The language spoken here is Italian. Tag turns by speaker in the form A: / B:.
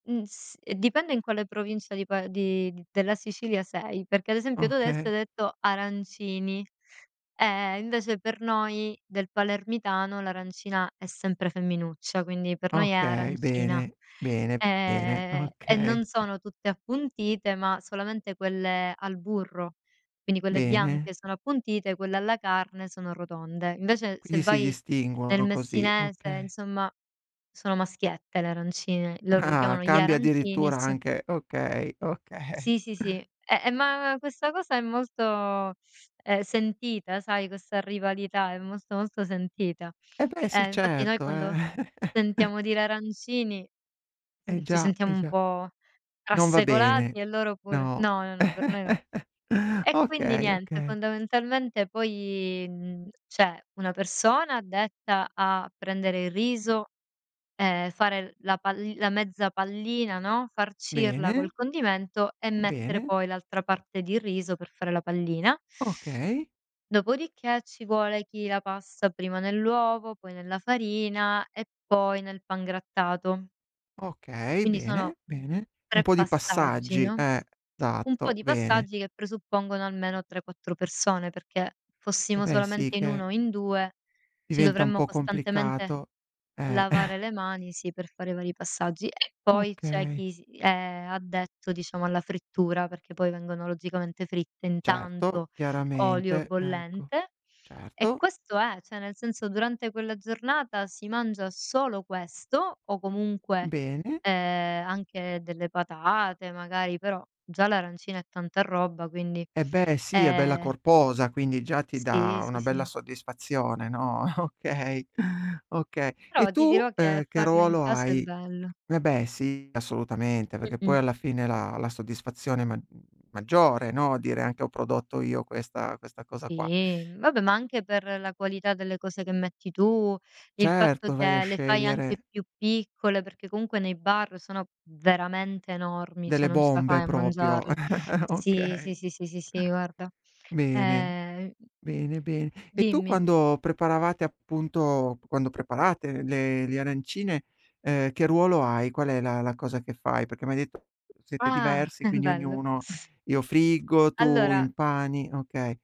A: Mhmm, s ehm, dipende in quale provincia di pa di della Sicilia sei, perché, ad esempio, tu, adesso
B: Okay.
A: hai detto “arancini”, eh, invece, per noi del palermitano l'arancina è sempre femminuccia. Quindi per noi è
B: Okay,
A: arancina,
B: bene, bene, bene,
A: ehm, e non
B: okay.
A: sono tutte appuntite, ma solamente quelle al burro. Quindi, quelle
B: Bene.
A: bianche sono appuntite, quelle alla carne sono rotonde. Invece, se
B: Quindi si
A: vai nel
B: distinguono così,
A: messinese,
B: okay.
A: insomma, sono maschiette le arancine. Loro li
B: Ah,
A: chiamano “gli
B: cambia
A: arancini” e
B: addirittura
A: s
B: anche okay, okay.
A: Sì, sì, sì. Eh eh, ma questa cosa è molto è sentita, sai? Questa rivalità è molto, molto sentita.
B: Eh beh
A: Eh,
B: sì,
A: infatti noi
B: certo,
A: quando
B: eh.
A: sentiamo dire “arancini”
B: Eh
A: ci
B: già, eh
A: sentiamo un
B: già,
A: po'
B: non va bene,
A: trasecolati e loro pure.
B: no,
A: No, no, no, per noi no. E quindi
B: okay,
A: niente,
B: okay.
A: fondamentalmente poi, mhmm, c'è una persona addetta a prendere il riso e fare la palli la mezza pallina, no, farcirla
B: Bene.
A: col condimento e mettere
B: Bene.
A: poi l'altra parte di riso per fare la pallina
B: Okay.
A: dopodiché ci vuole chi la passa prima nell'uovo, poi nella farina e poi nel pangrattato.
B: Okay,
A: Quindi sono
B: bene, bene. Un
A: 3
B: po' di
A: passaggi,
B: passaggi,
A: no,
B: eh,
A: un po'
B: tatto,
A: di
B: bene.
A: passaggi che presuppongono almeno 3, 4 persone, perché
B: Eh
A: fossimo
B: beh, sì
A: solamente in 1
B: che
A: o in 2, ci
B: diventa un
A: dovremmo
B: po'
A: costantemente
B: complicato, eh.
A: lavare le mani, sì, per fare vari passaggi. E poi c'è
B: Okay.
A: chi s è addetto, diciamo, alla frittura, perché poi vengono, logicamente, fritte in
B: Certo,
A: tanto olio
B: chiaramente, ecco,
A: bollente e
B: certo.
A: questo è, cioè, nel senso, durante quella giornata si mangia solo questo o comunque,
B: Bene.
A: ehm, anche delle patate, magari, però già l'arancina è tanta roba, quindi.
B: Eh beh, sì, è bella
A: Ehm
B: corposa, quindi già ti
A: Sì,
B: dà
A: sì,
B: una bella
A: sì.
B: soddisfazione, no, okay, oka e
A: Però ti
B: tu,
A: dirò che
B: ehm, che
A: farlo in
B: ruolo
A: casa è
B: hai?
A: bello.
B: Eh beh, sì, assolutamente, perché poi
A: Mh-mh.
B: alla fine la la soddisfazione è ma maggiore, no, dire anche: “Ho prodotto io questa questa cosa qua”.
A: Sì, vabbè, ma anche per la qualità delle cose che metti tu, il fatto
B: Certo, vai a
A: che le fai anche
B: scegliere
A: più piccole, perché comunque nei bar sono veramente enormi, cioè,
B: Delle
A: non ce la
B: bombe
A: fai a
B: proprio.
A: mangiarle. Sì,
B: Okay.
A: sì, sì, sì, sì, sì, guarda,
B: Bene,
A: ehm
B: bene, bene. E tu,
A: Dimmi.
B: quando preparavate appunto, quando preparate le le arancine, ehm, che ruolo hai? Qual è la la cosa che fai? Perché mi hai de “siete
A: Ah,
B: diversi”, quindi
A: bello.
B: ognuno: “Io friggo, tu
A: Allora
B: impani”. Okay.